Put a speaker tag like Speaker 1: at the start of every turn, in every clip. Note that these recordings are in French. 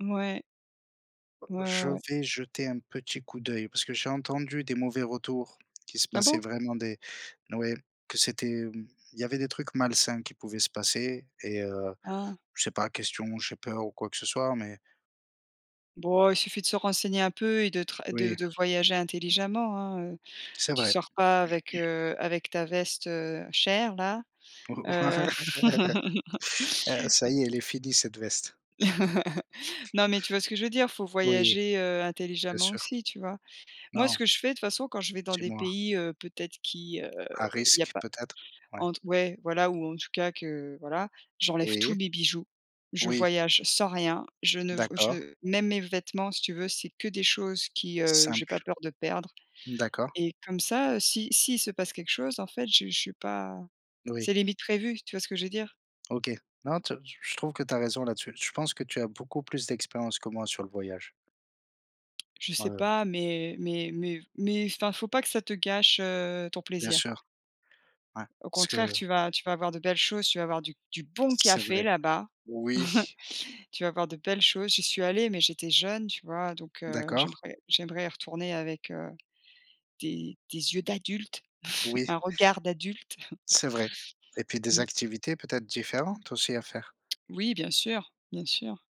Speaker 1: Mouais.
Speaker 2: Bah,
Speaker 1: Ouais, ouais,
Speaker 2: je
Speaker 1: ouais.
Speaker 2: vais jeter un petit coup d'œil parce que j'ai entendu des mauvais retours qui se
Speaker 1: Ah
Speaker 2: passaient
Speaker 1: bon?
Speaker 2: vraiment des mouais, que c'était, mmh il y avait des trucs malsains qui pouvaient se passer et heu,
Speaker 1: Ah.
Speaker 2: c'est pas question, j'ai peur ou quoi que ce soit, mais
Speaker 1: Boh, il suffit de se renseigner un peu et de tr et de
Speaker 2: Oui.
Speaker 1: de voyager, intelligemment, hein, heu.
Speaker 2: C'est
Speaker 1: Tu
Speaker 2: vrai.
Speaker 1: sors pas avec, heu, avec ta veste, heu, chère là. Heu
Speaker 2: Heu, ça
Speaker 1: M
Speaker 2: y est, elle est finie cette veste.
Speaker 1: Non, mais tu vois ce que je veux dire, il faut
Speaker 2: Oui.
Speaker 1: voyager, heu,
Speaker 2: Bien
Speaker 1: intelligemment
Speaker 2: sûr.
Speaker 1: aussi, tu vois? Moi, ce
Speaker 2: Non.
Speaker 1: que je fais, de toute façon, quand je vais dans des
Speaker 2: Dis-moi.
Speaker 1: pays, heu, peut-être qui, heu,
Speaker 2: À
Speaker 1: il y a
Speaker 2: risque,
Speaker 1: pas,
Speaker 2: peut-être. Ouais
Speaker 1: entre ouais, voilà, ou en tout cas que voilà, j'enlève
Speaker 2: Oui.
Speaker 1: tous mes bijoux. Je
Speaker 2: Oui.
Speaker 1: voyage sans rien, je ne v
Speaker 2: D'accord.
Speaker 1: je même mes vêtements si tu veux c'est que des choses qui, heu, j'ai pas
Speaker 2: Simple.
Speaker 1: peur de perdre
Speaker 2: D'accord.
Speaker 1: et comme ça, si s'il se passe quelque chose, en fait, je je suis pas.
Speaker 2: Oui.
Speaker 1: C'est limite prévu. Tu vois ce que je veux dire?
Speaker 2: OK. Non, tu as t je trouve que tu as raison là-dessus. Je pense que tu as beaucoup plus d'expérience que moi sur le voyage.
Speaker 1: Je sais
Speaker 2: Ouais.
Speaker 1: pas, mais mais mais mais enfin il ne faut pas que ça te gâche, heu, ton
Speaker 2: Bien
Speaker 1: plaisir.
Speaker 2: sûr. Ouais
Speaker 1: Au
Speaker 2: ce
Speaker 1: contraire,
Speaker 2: que
Speaker 1: tu vas tu vas voir de belles choses, tu vas avoir du du bon
Speaker 2: C'est
Speaker 1: café,
Speaker 2: vrai.
Speaker 1: là-bas.
Speaker 2: Oui!
Speaker 1: Tu vas voir de belles choses. J'y suis allée, mais j'étais jeune, tu vois, donc heu,
Speaker 2: D'accord.
Speaker 1: j'aimerais j'aimerais y retourner avec, heu, des des yeux d'adulte,
Speaker 2: Oui.
Speaker 1: un regard d'adulte.
Speaker 2: C'est vrai et puis des
Speaker 1: Mmh.
Speaker 2: activités, peut-être, différentes aussi à faire.
Speaker 1: Oui bien sûr, bien sûr.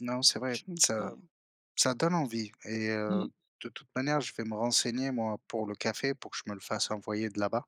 Speaker 2: Non, c'est vrai, ça
Speaker 1: [unintelligible]
Speaker 2: ça donne envie et heu,
Speaker 1: Mmh.
Speaker 2: de toute manière, je vais me renseigner moi pour le café, pour que je me le fasse envoyer de là-bas.